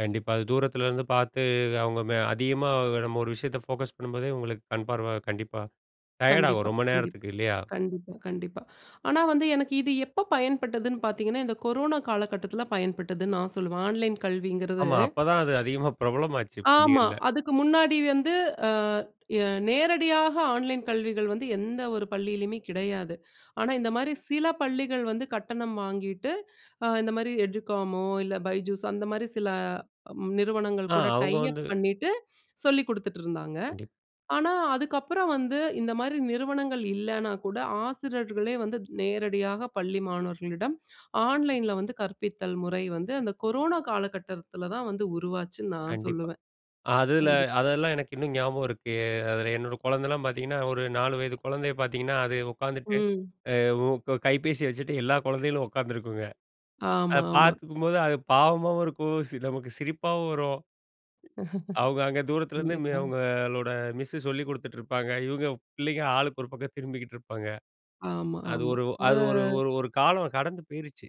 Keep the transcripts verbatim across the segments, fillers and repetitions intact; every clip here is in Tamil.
கண்டிப்பா. அது தூரத்துலேருந்து பார்த்து அவங்க ம அதிகமா நம்ம ஒரு விஷயத்த ஃபோகஸ் பண்ணும்போதே, உங்களுக்கு கண் பார்வை கண்டிப்பா டயர்டாகும் கண்டிப்பா, ரொம்ப கண்டிப்பா. நேரத்துக்கு இல்லையா? கண்டிப்பா, கண்டிப்பா. ஆனா வந்து எனக்கு இது எப்ப பயன்பட்டதுன்னு பார்த்தீங்கன்னா, இந்த கொரோனா காலகட்டத்தில பயன்பட்டதுன்னு நா சொல்லுவேன். ஆன்லைன் கல்விங்கிறது ஆமா. அப்ப தான் அது அதிகமா பிரபலமாச்சு ஆமா. பள்ளிகள்ல. அதுக்கு முன்னாடி வந்து அ ய நேரடியாக ஆன்லைன் கல்விகள் வந்து எந்த ஒரு பள்ளியிலயுமே கிடையாது. ஆனா இந்த மாரி சில பள்ளிகள் வந்து கட்டணம் வாங்கிட்டு, அ இந்த மாரி "எடு காமோ" இல்ல "பைஜூஸ்" அந்த மாரி சில நிறுவனங்கள் ஆ கூட டை அவங்க அப் வந்து பண்ணிட்டு சொல்லிக் குடுத்துட்டுருந்தாங்க. கண்டிப் ஆனா அதுக்கப்பறம் வந்து இந்த மாரி நிறுவனங்கள் இல்லன்னா கூட, ஆசிரியர்களே வந்து நேரடியாக பள்ளி மாணவர்களிடம் ஆன்லைன்ல வந்து கற்பித்தல் முறை வந்து, அந்த கொரோனா காலகட்டத்தில தான் வந்து உருவாச்சுன்னு நா கண்டிப்பா. சொல்லுவேன். அதுல கண்டிப்பா. அதெல்லாம் எனக்கு இன்னும் ஞாபகம் இருக்கு. அதுல என்னோட குழந்தைல்லாம் பார்த்தீங்கன்னா, ஒரு நாலு வயது குழந்தைய பார்த்தீங்கன்னா, அது உட்காந்துட்டு ம். அ உ க கைபேசி வச்சுட்டு எல்லா குழந்தைகளும் உட்கார்ந்திருக்குங்க. அத ஆமா, ஆமா. பார்த்துக்கும்போது, அது பாவமாவும் இருக்கும். சில நமக்கு சிரிப்பாவும் வரும். அவங்க அங்க தூரத்துலருந்து மி கண்டிப்பா. அவங்களோட மிஸ்ஸு சொல்லி குடுத்துட்டுருப்பாங்க. இவங்க பிள்ளைங்க ஆளுக்கு ஒரு பக்கம் திரும்பிகிட்டுருப்பாங்க. ஆமா, அது ஆமா. ஒரு அத அது ஒரு ஒரு காலம் கடந்து போயிருச்சு.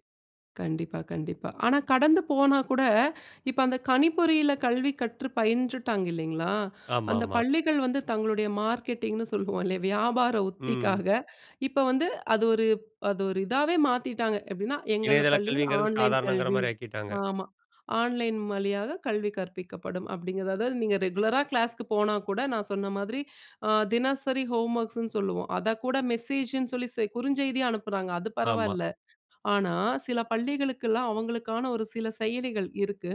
கண்டிப்பா, கண்டிப்பா. ஆனா கடந்து போனா கூட இப்ப அந்த கனிப்பொறியில கல்வி கற்று பயின்றுட்டாங்க இல்லீங்களா? அந்த ஆமாமா. பள்ளிகள் வந்து தங்களுடைய மார்க்கெட்டிங்ன்னு சொல்லுவோம் இல்லையா? வியாபார ம். உத்திக்காக இப்ப வந்து அது ஒரு அது ஒரு இதாவே மாத்திட்டாங்க. எப்படீன்னா, "எங்கள் இணையதள பள்ளியில் கல்விங்கிறது ஆன்லைன் சாதாரணம்ங்கிற கல்வி" மாரி ஆக்கிட்டாங்க. ஆமா. "ஆன்லைன் வழியாக கல்வி கற்பிக்கப்படும்." அப்படீங்கிறது. அதாவது நீங்க ரெகுலரா கிளாஸ்க்கு போனா கூட, நான் சொன்ன மாதிரி அ தினசரி ஹோம்வொர்க்ஸ்ன்னு சொல்லுவோம். அத கூட மெசேஜுன்னு சொல்லி செ குறுஞ்செய்தியா அனுப்புறாங்க அது ஆமா. பரவாயில்ல. ஆனா, சில பள்ளிகளுக்கெல்லாம் அவங்களுக்கான ஒரு சில செயலிகள் இருக்கு.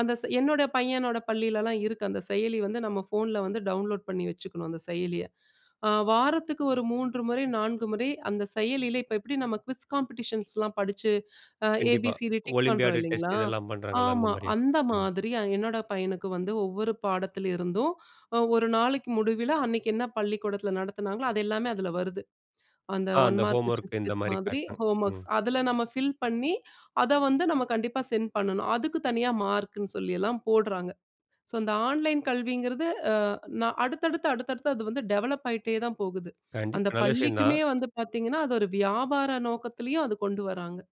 அந்த செ என்னோட பையனோட பள்ளிலல்லாம் இருக்கு, அந்த செயலி வந்து நம்ம ஃபோன்ல வந்து டவுன்லோட் பண்ணி வச்சுக்கணும் அந்த செயலிய. அ வாரத்துக்கு ஒரு மூன்று முறை, நான்கு முறை அந்த செயலியில இப்ப எப்படி நம்ம குவிஸ் காம்பெடிஷன்ஸ்லாம் படிச்சு அ ஏ பி கண்டிப்பா. சி டி டிக் பண்ணுறோம் ஒலிம்பியாடு இல்லைங்களா? டெஸ்ட் இதெல்லாம் பண்ணுறாங்கல்ல, அந்த ஆமா, மாரியா. அந்த ம். மாதிரி அ என்னோட பையனுக்கு வந்து ஒவ்வொரு பாடத்திலிருந்தும் அ ஒரு நாளைக்கு முடிவில, அன்னைக்கு என்ன பள்ளிக்கூடத்தில நடத்தினாங்களோ அது எல்லாமே அதுல வருது. அந்த ஆ ஒன் அந்த மார்க் கொஸ்டின்ஸ் ஹோம்வொர்க்கு இந்த குவிஸ் மாரி மாதிரி காட்டும். ஹோம்வொர்க்ஸ். ம். அதுல நம்ம ஃபில் பண்ணி, அத வந்து நம்ம கண்டிப்பா சென்ட் பண்ணணும். அதுக்கு தனியா மார்க்குன்னு சொல்லியல்லாம் போட்றாங்க. ஸோ, இந்த ஆன்லைன் கல்விங்கிறது அ நா அடுத்தடுத்து, அடுத்தடுத்து அது வந்து டெவலப் ஆயிட்டே தான் போகுது. அந்த கண்டிப்பா. நல்ல பள்ளிக்குமே விஷயந்தான். வந்து பார்த்தீங்கன்னா, அது ஒரு வியாபார நோக்கத்திலேயும் அது கொண்டு வராங்க.